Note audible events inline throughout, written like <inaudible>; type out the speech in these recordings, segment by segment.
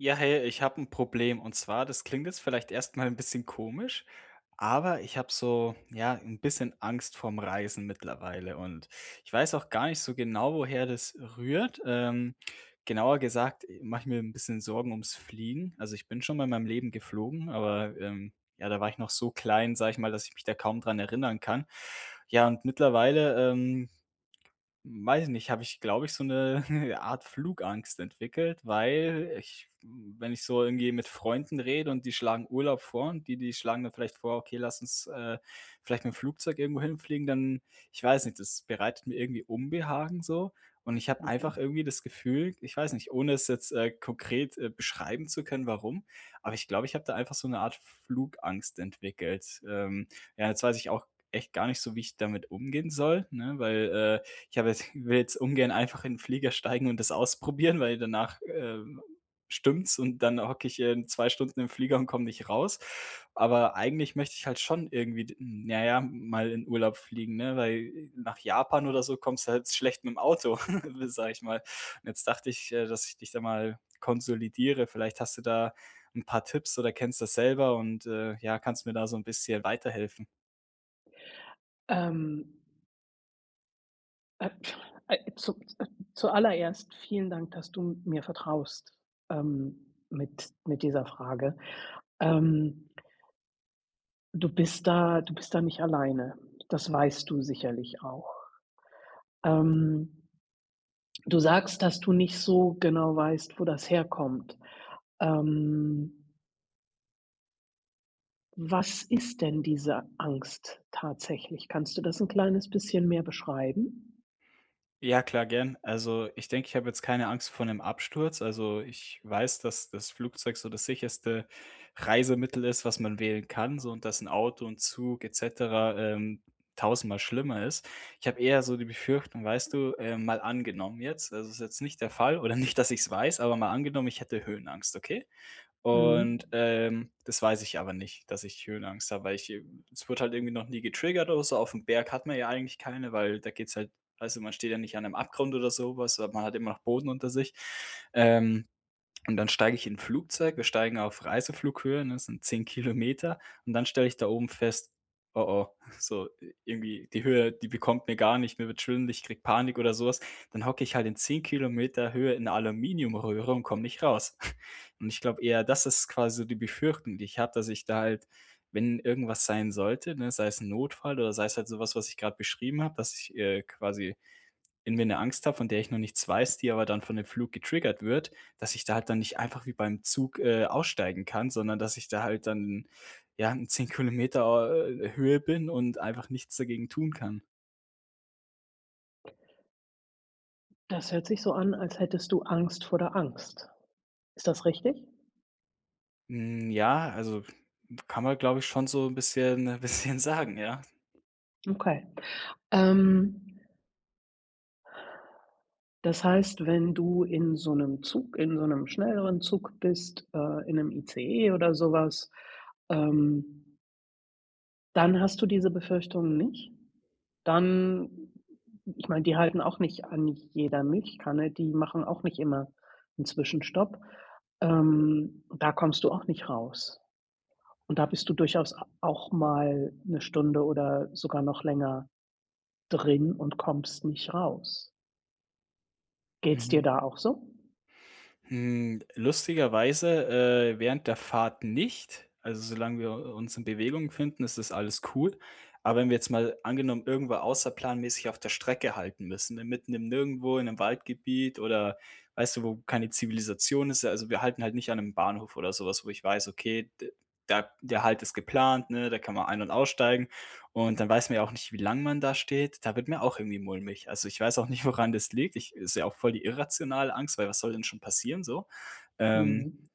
Ja, hey. Ich habe 'n Problem. Und zwar, das klingt jetzt vielleicht erst mal 'n bisschen komisch, aber ich habe so, ja, 'n bisschen Angst vorm Reisen mittlerweile und ich weiß auch gar nicht so genau, woher das rührt. Ähm, genauer gesagt e mache ich mir 'n bisschen Sorgen um's Fliegen. Also ich bin schon mal in meinem Leben geflogen, aber, ähm, ja, da war ich noch so klein- sage ich mal- dass ich mich da kaum dran erinnern kann. Ja, und mittlerweile, ähm, weiß ich nicht habe ich, glaube ich so 'ne <chuckles> Art Flugangst entwickelt, weil ich wenn ich so irgendwie mit Freunden rede und die schlagen Urlaub vor und die die schlagen dann vielleicht vor: „Okay, lass uns, äh, vielleicht mit dem Flugzeug irgendwo hinfliegen“, dann ich weiß nicht, das bereitet mir irgendwie Unbehagen so. Und ich habe einfach Mhm. irgendwie das Gefühl- ich weiß nicht- ohne es jetzt, äh, konkret, äh, beschreiben zu können, warum, aber ich glaube, ich habe da einfach so 'ne Art Flugangst entwickelt. Ähm, ja jetzt weiß ich auch echt gar nicht so, wie ich damit umgehen soll, ne? Weil, äh, ich habe jetzt <chuckles> will jetzt ungern einfach in den Flieger steigen und das ausprobieren, weil danach, äh, stimmt's und dann hocke ich, ähm, 2 Stunden im Flieger und komme nicht raus. Aber eigentlich möchte ich halt schon irgendwie d na ja mal in Urlaub fliegen, ne? Weil nach Japan oder so kommst du halt s schlecht mit dem Auto, <laughs> w sage ich mal. Und jetzt dachte ich, äh, dass ich dich da mal konsolidiere. Vielleicht hast du da 'n paar Tipps oder kennst das selber und, äh, ja, kannst mir da so 'n bisschen weiterhelfen. Ähm. Äh,, äh, zu äh, zuallererst vielen Dank, dass du mir vertraust, ähm, mit mit dieser Frage. Ähm du bist da du bist da nicht alleine, das weißt du sicherlich auch. Ähm, du sagst, dass du nicht so genau weißt, wo das herkommt. Ähm was ist denn diese Angst tatsächlich? Kannst du das 'n kleines bisschen mehr beschreiben? Ja, klar, gern. Also, ich denke, ich habe jetzt keine Angst vor 'nem Absturz. Also, ich weiß, dass das Flugzeug so das sicherste Reisemittel ist, was man wählen kann, so und dass 'n Auto und Zug et cetera, ähm, tausendmal schlimmer ist. Ich habe eher so die Befürchtung, weißt du, ähm, mal angenommen jetzt also, es ist jetzt nicht der Fall oder nicht, dass ich's weiß, aber mal angenommen, ich hätte Höhenangst, okay? Und, Mhm. ähm, das weiß ich aber nicht, dass ich Höhenangst habe, weil, ich, äh es wurde halt irgendwie noch nie getriggert oder so, auf 'm Berg hat man ja eigentlich keine, weil da geht's halt also, man steht ja nicht an 'nem Abgrund oder so was, aber man hat immer noch Boden unter sich. Ähm, und dann steige ich in 'n Flugzeug, wir steigen auf Reiseflughöhe, ne, das sind 10 Kilometer. Und dann stelle ich da oben fest: „Oh, oh, so, irgendwie, die Höhe, die bekommt mir gar nicht, mir wird schwindlig, ich kriege Panik” oder so was. Dann hocke ich halt in 10 Kilometer Höhe in 'ner Aluminiumröhre und komme nicht raus. <chuckles> Und ich glaube eher, das ist quasi die Befürchtung, die ich habe, dass ich da halt wenn irgendwas sein sollte, ne, sei es 'n Notfall oder sei es halt so was, was ich grad beschrieben habe, dass ich, äh, quasi irgendwie 'ne Angst habe, von der ich noch nichts weiß, die aber dann von dem Flug getriggert wird, dass ich da halt dann nicht einfach wie beim Zug, äh, aussteigen kann, sondern dass ich da halt dann, ja, in 10 Kilometer, äh, Höhe bin und einfach nichts dagegen tun kann. Das hört sich so an, als hättest du Angst vor der Angst. Ist das richtig? Hm ja, also kann man, glaube ich schon so bisschen bisschen sagen ja. Okay. Ähm Das heißt, wenn du in so 'nem Zug in so 'nem schnelleren Zug bist, äh, in 'nem ICE oder so was, ähm dann hast du diese Befürchtungen nicht. Dann ich meine, die halten auch nicht an jeder Milchkanne. Die machen auch nicht immer 'n Zwischenstopp. Ähm, da kommst du auch nicht raus. Und da bist du durchaus a auch mal 1 Stunde oder sogar noch länger drin und kommst nicht raus. Geht's Mhm. dir da auch so? Hm. Lustigerweise, äh, während der Fahrt nicht. Also, solange wir u uns in Bewegung befinden, ist das alles cool. Aber wenn wir jetzt mal angenommen, irgendwo außerplanmäßig auf der Strecke halten müssen, ne, mitten im Nirgendwo, in 'nem Waldgebiet oder, weißt du, wo keine Zivilisation ist? Ja also wir halten halt nicht an 'nem Bahnhof oder so was wo ich weiß: „Okay, d da der Halt ist geplant, ne, da kann man ein und aussteigen.“ Und dann weiß man ja auch nicht, wie lange man da steht. Da wird mir auch irgendwie mulmig. Also, ich weiß auch nicht, woran das liegt. Ich ist ja auch voll die irrationale Angst, weil was soll denn schon passieren, so. Ähm Mhm.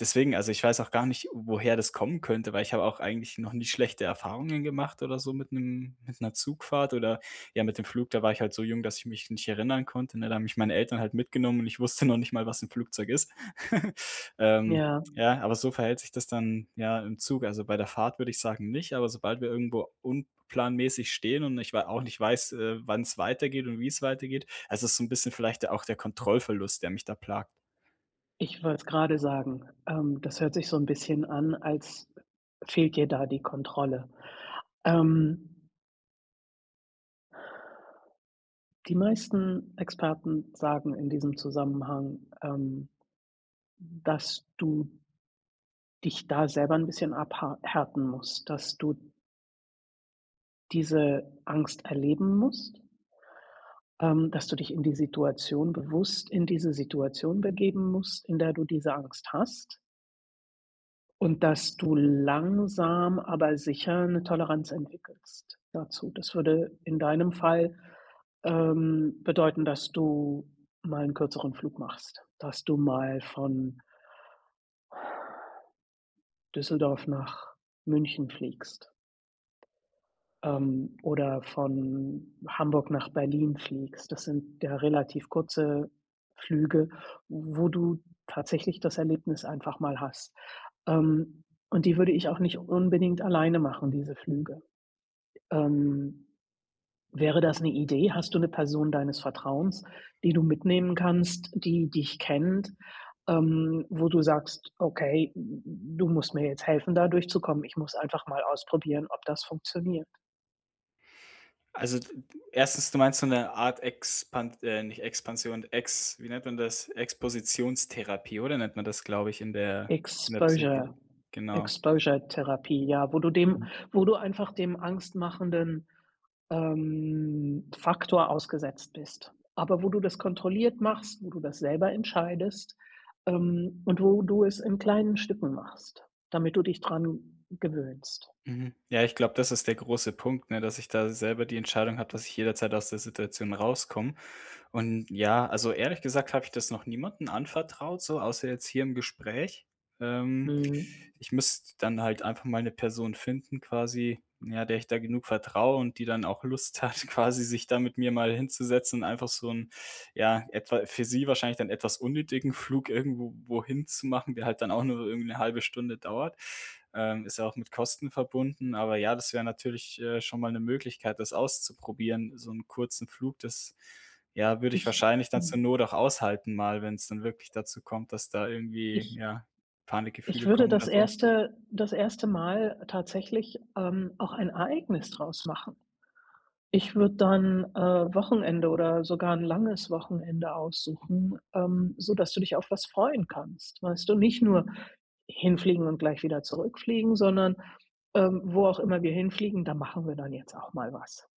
Deswegen, also ich weiß auch gar nicht, woher das kommen könnte, weil ich habe auch eigentlich noch nicht schlechte Erfahrungen gemacht oder so mit 'nem mit 'ner Zugfahrt oder, ja, mit dem Flug da war ich halt so jung, dass ich mich nicht erinnern konnte, ne? Da haben mich meine Eltern halt mitgenommen und ich wusste noch nicht mal, was im Flugzeug ist. <giggles> Ähm, Ja. ja, aber so verhält sich das dann, ja, im Zug. Also bei der Fahrt würde ich sagen, nicht, aber sobald wir irgendwo unplanmäßig stehen und ich wei auch nicht weiß, äh, wann's weitergeht und wie's weitergeht. Also, es ist so 'n bisschen vielleicht der auch der Kontrollverlust, der mich da plagt. Ich wollte's grade sagen. Ähm, das hört sich so 'n bisschen an, als fehlt dir da die Kontrolle. Ähm die meisten Experten sagen in diesem Zusammenhang, ähm, dass du dich da selber 'n bisschen abhar härten musst, dass du diese Angst erleben musst ähm, dass du dich in die Situation bewusst in diese Situation begeben musst, in der du diese Angst hast. Und dass du langsam, aber sicher, 'ne Toleranz entwickelst dazu. Das würde in deinem Fall, ähm, bedeuten, dass du mal 'n kürzeren Flug machst. Dass du mal von Düsseldorf nach München fliegst ähm, oder von Hamburg nach Berlin fliegst. Das sind ja relativ kurze Flüge, wo du tatsächlich das Erlebnis einfach mal hast. Ähm, und die würde ich auch nicht unbedingt alleine machen, diese Flüge. Ähm, wäre das 'ne Idee? Hast du 'ne Person deines Vertrauens, die du mitnehmen kannst, die dich kennt, ähm, wo du sagst: „Okay, du musst mir jetzt helfen, da durchzukommen. Ich muss einfach mal ausprobieren, ob das funktioniert.“? Also, d 1. du meinst so 'ne Art, Expan äh, nicht Expansion, Ex wie nennt man das, Expositionstherapie oder nennt man das, glaube ich, in der in der Exposure Psyche, genau? Exposure Therapie, ja, wo du dem Mhm. wo du einfach dem angstmachenden, ähm, Faktor ausgesetzt bist, aber wo du das kontrolliert machst, wo du das selber entscheidest, ähm, und wo du es in kleinen Stücken machst, damit du dich dran gewöhnst. Mhm, ja, ich glaube, das ist der große Punkt, ne? Dass ich da selber die Entscheidung habe, dass ich jederzeit aus der Situation rauskomme. Und ja, also, ehrlich gesagt habe ich das noch niemanden anvertraut, so außer jetzt hier im Gespräch. Ähm, Mhm. ich müsste dann halt einfach mal 'ne Person finden, quasi, ja, der ich da genug vertraue und die dann auch Lust hat, quasi sich da mit mir mal hinzusetzen, einfach so 'n, ja, etwa für sie wahrscheinlich dann etwas unnötigen Flug irgendwo wohin zu machen, der halt dann auch nur irgendwie 'ne 0,5 Stunde dauert, ähm, ist ja auch mit Kosten verbunden. Aber ja, das wäre natürlich, äh, schon mal 'ne Möglichkeit, das auszuprobieren, so 'n kurzen Flug. Das, ja, würde ich Ich wahrscheinlich dann zur hm. Not auch aushalten mal, wenn's dann wirklich dazu kommt, dass da irgendwie, Ich ja, ich Panikgefühle würde kommen oder das so. 1. das 1. Mal tatsächlich, ähm, auch ein Ereignis draus machen. Ich würde dann, äh, Wochenende oder sogar 'n langes Wochenende aussuchen, ähm, sodass du dich auf was freuen kannst, weißt du? Nicht nur hinfliegen und gleich wieder zurückfliegen, sondern, ähm: „Wo auch immer wir hinfliegen, da machen wir dann jetzt auch mal was.“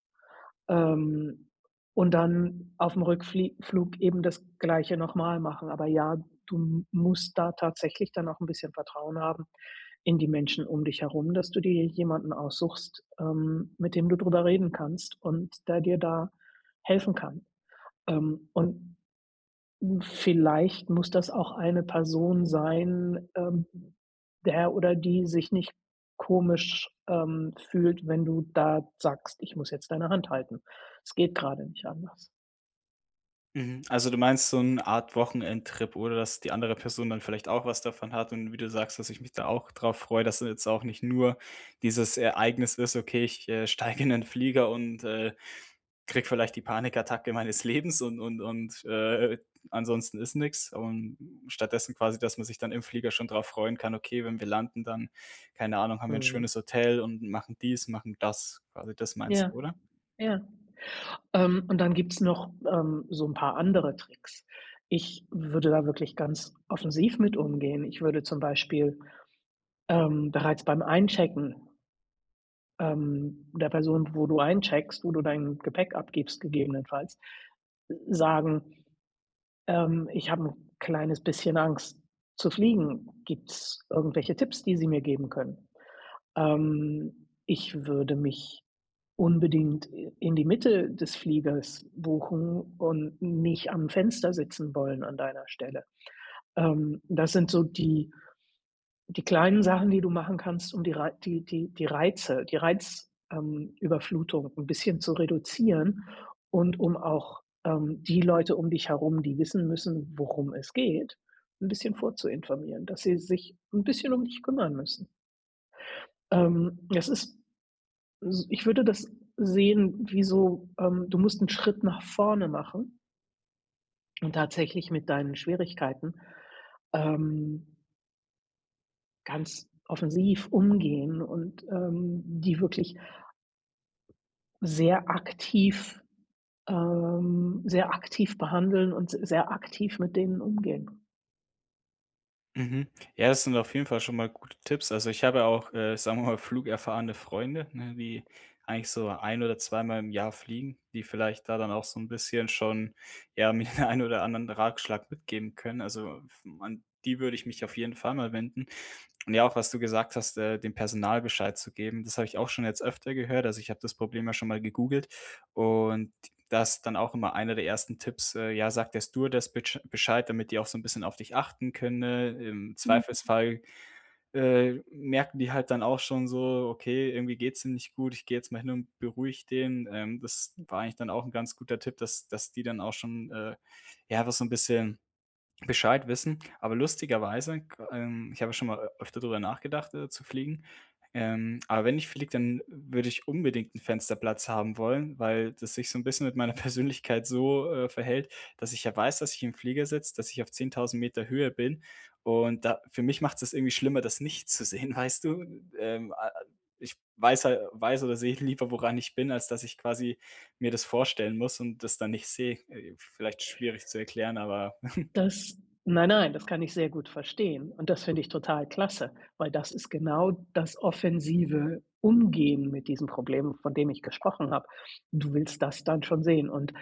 Ähm, und dann auf 'm Rückflieg Flug eben das Gleiche noch mal machen, aber ja, du musst da tatsächlich dann noch 'n bisschen Vertrauen haben in die Menschen um dich herum, dass du dir jemanden aussuchst, ähm, mit dem du drüber reden kannst und der dir da helfen kann. Ähm, und vielleicht muss das auch eine Person sein, ähm, der oder die sich nicht komisch, ähm, fühlt, wenn du da sagst: „Ich muss jetzt deine Hand halten. Es geht gerade nicht anders.“ Mhm, also, du meinst, so 'n Art Wochenendtrip oder dass die andere Person dann vielleicht auch was davon hat und wie du sagst, dass ich mich da auch drauf freue. Dass da jetzt auch nicht nur dieses Ereignis ist: „Okay, ich, äh steige in 'n Flieger, und, äh, kriege vielleicht die Panikattacke meines Lebens und und und, äh, ansonsten ist nix.“ Und stattdessen quasi, dass man sich dann im Flieger schon drauf freuen kann: „Okay, wenn wir landen, dann keine Ahnung, haben wir 'n Mhm. schönes Hotel und machen dies, machen das.“ Quasi das meinst Ja, du, oder? ja, ähm, und dann gibt's noch, ähm, so 'n paar andere Tricks. Ich würde da wirklich ganz offensiv mit umgehen. Ich würde zum Beispiel, ähm, bereits beim Einchecken ähm, der Person, wo du eincheckst, wo du dein Gepäck abgibst, gegebenenfalls, äh, sagen „Ähm, ich habe 'n kleines bisschen Angst zu fliegen. Gibt's irgendwelche Tipps, die Sie mir geben können?“ Ähm, ich würde mich unbedingt in die Mitte des Fliegers buchen und nicht am Fenster sitzen wollen an deiner Stelle. Ähm, das sind so die die kleinen Sachen, die du machen kannst, um die Rei die die die Reize die Reiz ähm, Überflutung 'n bisschen zu reduzieren und um auch, ähm, die Leute um dich herum, die wissen müssen, worum es geht, 'n bisschen vorzuinformieren, dass sie sich 'n bisschen dich kümmern müssen. Ähm, das ist S ich würde das sehen, wie so, ähm, du musst 'n Schritt nach vorne machen und tatsächlich mit deinen Schwierigkeiten, ähm ganz offensiv umgehen und, ähm, die wirklich sehr aktiv, ähm sehr aktiv behandeln und s sehr aktiv mit denen umgehen. Mhm. Ja, das sind auf jeden Fall schon mal gute Tipps. Also, ich habe ja auch, äh, sagen wir mal, flugerfahrende Freunde, ne? Die eigentlich so 1 oder 2 mal im Jahr fliegen, die vielleicht da dann auch so 'n bisschen schon, ja, mir den ein oder anderen Ratschlag mitgeben können. Also f man die würde ich mich auf jeden Fall mal wenden. Und ja, auch was du gesagt hast, äh, dem Personal Bescheid zu geben, das habe ich auch schon jetzt öfter gehört. Also, ich habe das Problem ja schon mal gegoogelt. Und das dann auch immer einer der 1. Tipps, ja: „Sagt der Stewardess bitsch Bescheid, damit die auch so 'n bisschen auf dich achten können.“ Im Mhm. Zweifelsfall, äh, merken die halt dann auch schon so: „Okay, irgendwie geht's dir nicht gut, ich gehe jetzt mal hin und beruhige den.“ Ähm, das war Mhm. eigentlich dann auch 'n ganz guter Tipp, dass dass die dann auch schon äh, ja, einfach so 'n bisschen Bescheid wissen. Aber lustiger weise g ähm, ich habe schon mal öfter drüber nachgedacht, äh, zu fliegen. Ähm, aber wenn ich fliege, dann würde ich unbedingt 'n Fensterplatz haben wollen, weil das sich so 'n bisschen mit meiner Persönlichkeit so, äh, verhält, dass ich ja weiß, dass ich im Flieger sitze, dass ich auf 10000 m Höhe bin. Und da für mich macht's das irgendwie schlimmer, das nicht zu sehen, weißt du? Ähm, a a ich weiß hal weiß oder sehe lieber, woran ich bin, als dass ich quasi mir das vorstellen muss und das dann nicht sehe. Äh, vielleicht schwierig zu erklären, aber <chuckles> Das nein, nein, das kann ich sehr gut verstehen und das finde ich total klasse, weil das ist genau das offensive Umgehen mit diesem Problem, von dem ich gesprochen habe. Du willst das dann schon sehen und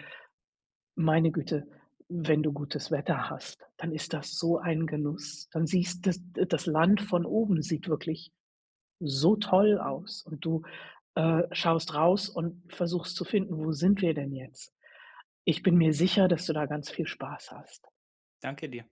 meine Güte, wenn du gutes Wetter hast, dann ist das so ein Genuss. Dann sieht das, äh das Land von oben sieht wirklich so toll aus und du, äh, schaust raus und versuchst zu finden, wo sind wir denn jetzt? Ich bin mir sicher, dass du da ganz viel Spaß hast. Danke dir.